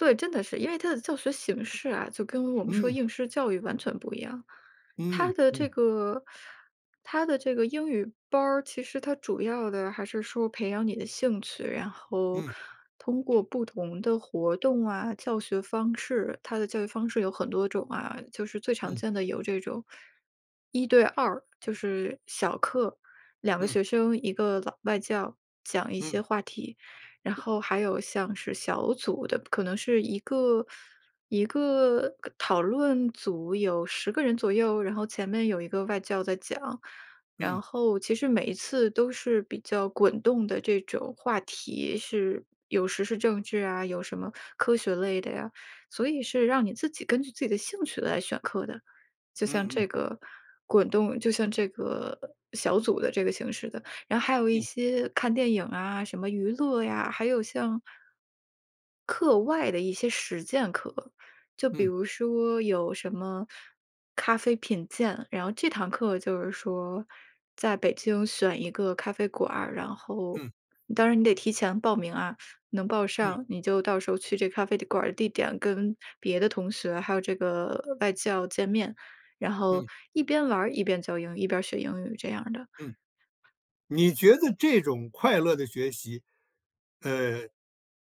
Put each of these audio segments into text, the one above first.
对，真的是，因为它的教学形式啊，就跟我们说嗯。应试教育完全不一样，它嗯的这嗯。个它的这个英语班儿其实它主要的还是说培养你的兴趣，然后嗯。通过不同的活动啊，教学方式，它的教育方式有很多种啊，就是最常嗯。见的有这种一对二，就是小课，2个嗯。学生，一个老外教，讲一嗯。些话题，然后还有像是小组的，可能是一个一个讨论组有10个人左右，然后前面有一个外教在讲，嗯。然后其实每一次都是比较滚动的这种话题，是有时事政治啊，有什么科学类的呀，所以是让你自己根据自己的兴趣来选课的。就像嗯这嗯。个滚动就像这个小组的这个形式的。然后还有一嗯。些看电影啊，什么娱乐呀，还有像课外的一些实践课，就比嗯。如说有什么咖啡品鉴，然后这堂课就是说在北京选一个咖啡馆儿，然后嗯。当然你得提前报名啊，能报嗯。上你就到时候去这咖啡的馆儿地点跟别的同学还有这个外教见面，然后嗯。一边玩儿一边教英语，一边学英语这样的。嗯。你觉得这种快乐的学习，呃，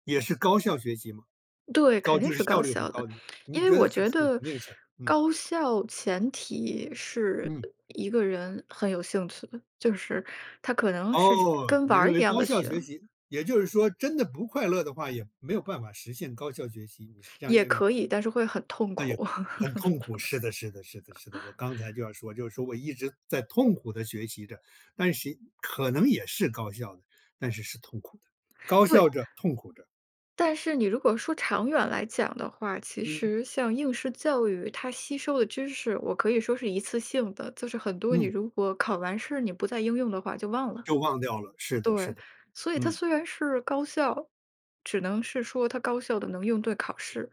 也是高效学习嘛，对，肯高定就是是效高率很效的，高的意思，因你为觉得我这觉肯得定是，嗯。高效前提是嗯。一个人很有兴趣的，就是他可能是哦，跟你玩认儿一为样高的效学。学习，也就是说真的不快乐的话，也没有办法实现高效学习，你是这样也认为。可以，但是会很痛哎呀，苦。很痛苦，是的是的是的是的，我刚才 就要说就是说我一直在痛苦的学习着，但是可能也是高效的，但是是痛苦的，高对。效着、痛苦着。但是你如果说长远来讲的话，其嗯。实像应试教育它吸收的知识，我可以说是一次性的，就是很多你嗯。如果考完试你不再应用的话就忘了。就忘掉了，是的是对，的，所以它嗯。虽然是高效，只能是说它高效地能应对考试。